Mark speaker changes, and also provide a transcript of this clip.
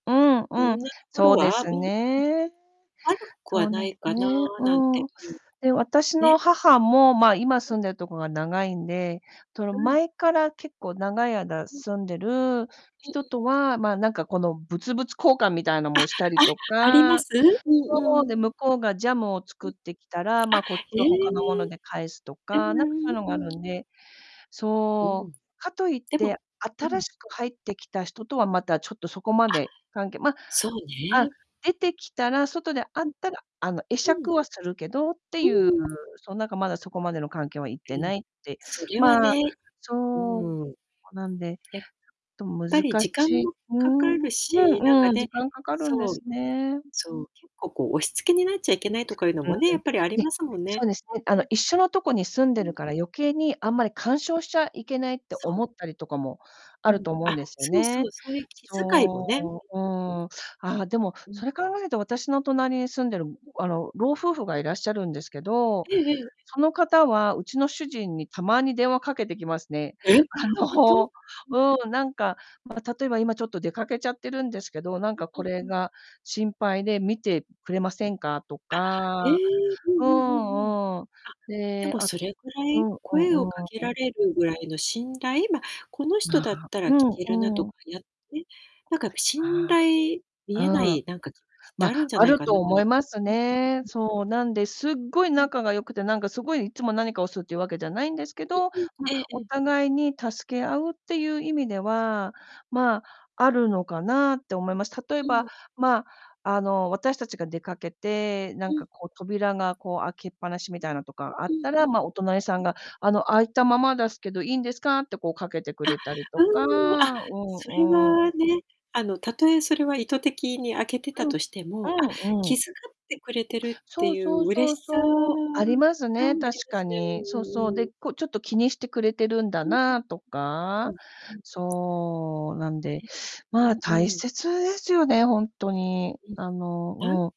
Speaker 1: うん
Speaker 2: う
Speaker 1: うん、
Speaker 2: ん、な、ところ
Speaker 1: そうで
Speaker 2: は、
Speaker 1: す
Speaker 2: うん、ん、
Speaker 1: ね。
Speaker 2: 悪く
Speaker 1: そ
Speaker 2: は
Speaker 1: うで
Speaker 2: ない
Speaker 1: す
Speaker 2: かな
Speaker 1: ね、
Speaker 2: なん
Speaker 1: う
Speaker 2: て、
Speaker 1: ん。
Speaker 2: うん、
Speaker 1: で、私の
Speaker 2: ね。
Speaker 1: 母も、まあ、今
Speaker 2: うん。
Speaker 1: 住んでるとこが長いんで、その、
Speaker 2: うん。
Speaker 1: 前から、結構、長い間
Speaker 2: うん。
Speaker 1: 住んでる
Speaker 2: ん
Speaker 1: 人
Speaker 2: ん。
Speaker 1: とは、まあ、なんか、この、物々交換みたいな
Speaker 2: あ
Speaker 1: もしたりと
Speaker 2: あ、ありま
Speaker 1: か、
Speaker 2: す？うん
Speaker 1: そ
Speaker 2: う
Speaker 1: う、
Speaker 2: ん。
Speaker 1: で、向こうがジャムを作
Speaker 2: ん、
Speaker 1: ってきたら、ま
Speaker 2: あ、
Speaker 1: あ、こっち、
Speaker 2: え
Speaker 1: 他のもの
Speaker 2: え。
Speaker 1: で返すと
Speaker 2: え
Speaker 1: か、なんかそ
Speaker 2: ん、
Speaker 1: う
Speaker 2: あ、
Speaker 1: の
Speaker 2: う
Speaker 1: がある
Speaker 2: ん。
Speaker 1: んで、
Speaker 2: う
Speaker 1: そ
Speaker 2: ん。
Speaker 1: う、かと言っ
Speaker 2: でも、
Speaker 1: て、
Speaker 2: う
Speaker 1: 新
Speaker 2: ん。
Speaker 1: しく入ってきた人とは、また、ちょっとそこま
Speaker 2: あ、
Speaker 1: で関係ま、
Speaker 2: そう
Speaker 1: あ、
Speaker 2: ね。
Speaker 1: 出てきたら外で会っ
Speaker 2: うん。
Speaker 1: たら、あの、会
Speaker 2: う
Speaker 1: 釈
Speaker 2: ん。
Speaker 1: はするけどって
Speaker 2: う
Speaker 1: ゆう、
Speaker 2: ーん。
Speaker 1: そう、なんかまだそこまでの関係はいって
Speaker 2: うん。
Speaker 1: ないって、
Speaker 2: それは
Speaker 1: まあ、
Speaker 2: ね、う
Speaker 1: そう、
Speaker 2: ーん。
Speaker 1: なんで、
Speaker 2: やっ
Speaker 1: ちょっ
Speaker 2: ぱ
Speaker 1: と
Speaker 2: り
Speaker 1: 難
Speaker 2: 時間
Speaker 1: しい
Speaker 2: も
Speaker 1: うー
Speaker 2: かか
Speaker 1: ん、う
Speaker 2: るし、なん
Speaker 1: ん
Speaker 2: か
Speaker 1: うん、
Speaker 2: ね、
Speaker 1: 時間かかるんで
Speaker 2: そう、
Speaker 1: すね。
Speaker 2: そう、結構、こう、押し付けになっちゃいけないとかいうの
Speaker 1: うー
Speaker 2: もね、や
Speaker 1: ん。
Speaker 2: っぱりあり
Speaker 1: ね、
Speaker 2: ますもん
Speaker 1: そ
Speaker 2: ね。
Speaker 1: うですね。あ
Speaker 2: う
Speaker 1: の、
Speaker 2: ん。
Speaker 1: 一緒のとこに住ん
Speaker 2: う
Speaker 1: で
Speaker 2: ん。
Speaker 1: るから、余計にあんまり
Speaker 2: ん。
Speaker 1: 干渉しちゃいけないって
Speaker 2: そう。
Speaker 1: 思ったりとかも
Speaker 2: う
Speaker 1: ある
Speaker 2: ん。
Speaker 1: と思うん
Speaker 2: あ、
Speaker 1: ですよ
Speaker 2: そうそ
Speaker 1: ね。
Speaker 2: う、そういう気遣いもね、うん
Speaker 1: そう、う
Speaker 2: うんうん。
Speaker 1: ーん、ああ、でも、
Speaker 2: うん。
Speaker 1: それ考えると私の隣に住んでる、あの、老夫婦がいらっしゃるんですけど、
Speaker 2: ええええ。
Speaker 1: その方はうちの主人にたまに電話かけてきますね。
Speaker 2: え、
Speaker 1: あ
Speaker 2: ほんと？
Speaker 1: の、
Speaker 2: うん。
Speaker 1: うん、なんか、ま、例えば「今ちょっと出かけちゃってるんですけど、なんか、
Speaker 2: う
Speaker 1: こ
Speaker 2: ん
Speaker 1: れ
Speaker 2: うんうん。
Speaker 1: が心配で、見てくれませんか？」と
Speaker 2: あ、え
Speaker 1: か、
Speaker 2: え、うん
Speaker 1: う
Speaker 2: うん、ふんふん。
Speaker 1: んうん、
Speaker 2: あ、で
Speaker 1: で
Speaker 2: も
Speaker 1: あ、
Speaker 2: それぐら
Speaker 1: う
Speaker 2: い、
Speaker 1: んう
Speaker 2: 声を
Speaker 1: ん、う
Speaker 2: かけ
Speaker 1: ー
Speaker 2: ら
Speaker 1: ん。
Speaker 2: れるぐらいの信頼、ま、この人
Speaker 1: まあ、
Speaker 2: だったら
Speaker 1: う
Speaker 2: 聞
Speaker 1: ん
Speaker 2: けるなと
Speaker 1: う
Speaker 2: か
Speaker 1: ん。
Speaker 2: やって、なんかやっぱ信
Speaker 1: あ
Speaker 2: 頼
Speaker 1: あ。
Speaker 2: 見えな
Speaker 1: うん。
Speaker 2: い、なんか、ってあ
Speaker 1: ま、
Speaker 2: るんじゃ
Speaker 1: あ
Speaker 2: ない
Speaker 1: る
Speaker 2: かな。
Speaker 1: と
Speaker 2: う
Speaker 1: 思
Speaker 2: ん
Speaker 1: います
Speaker 2: うん。
Speaker 1: ね。そう、なんで、すっごい
Speaker 2: うん。
Speaker 1: 仲が良くて、なんか、すごい、いつも何かをするっていうわけじゃないんですけど、
Speaker 2: うんうん、
Speaker 1: ま、
Speaker 2: えええ
Speaker 1: お
Speaker 2: え。
Speaker 1: 互いに助け合うってゆう意味では、まあ、あるのかなって思います。例え
Speaker 2: う
Speaker 1: ば、
Speaker 2: ん。
Speaker 1: まあ、あの、私達が出かけて、な
Speaker 2: う
Speaker 1: ん
Speaker 2: ん。
Speaker 1: かこう、扉がこう開けっぱなしみたいなとかあっ
Speaker 2: うん
Speaker 1: た
Speaker 2: う
Speaker 1: ら、
Speaker 2: ん。
Speaker 1: ま、お隣さ
Speaker 2: う
Speaker 1: ん
Speaker 2: ん。
Speaker 1: が、あの「開いたままだすけど、いいんですか？」ってこう、かけてく
Speaker 2: あ、
Speaker 1: れたりとか、
Speaker 2: うーん、あ、
Speaker 1: う
Speaker 2: それ
Speaker 1: んうん。
Speaker 2: はね、あの、たとえそれは意図的に開けてた
Speaker 1: うん、
Speaker 2: としても、あ、
Speaker 1: うんう
Speaker 2: 気
Speaker 1: ん。
Speaker 2: 遣ってくれてるって
Speaker 1: そう
Speaker 2: ゆ
Speaker 1: そ
Speaker 2: う、
Speaker 1: う
Speaker 2: 嬉
Speaker 1: そう
Speaker 2: しさが
Speaker 1: そう、ありますね、
Speaker 2: あり
Speaker 1: 確
Speaker 2: ま
Speaker 1: か
Speaker 2: すね。
Speaker 1: に。
Speaker 2: う
Speaker 1: そ
Speaker 2: ん
Speaker 1: う
Speaker 2: うん
Speaker 1: そう、
Speaker 2: うんう
Speaker 1: で、
Speaker 2: ん。
Speaker 1: こ、ちょっと気にしてくれてるんだ
Speaker 2: うん
Speaker 1: なあと
Speaker 2: うん。う
Speaker 1: か。
Speaker 2: んうん。
Speaker 1: そう、なんで、
Speaker 2: え、う
Speaker 1: まあ、
Speaker 2: ん
Speaker 1: 大
Speaker 2: うん。
Speaker 1: 切ですよね、ほんとに。あ
Speaker 2: う
Speaker 1: の、
Speaker 2: ん、あ
Speaker 1: うん。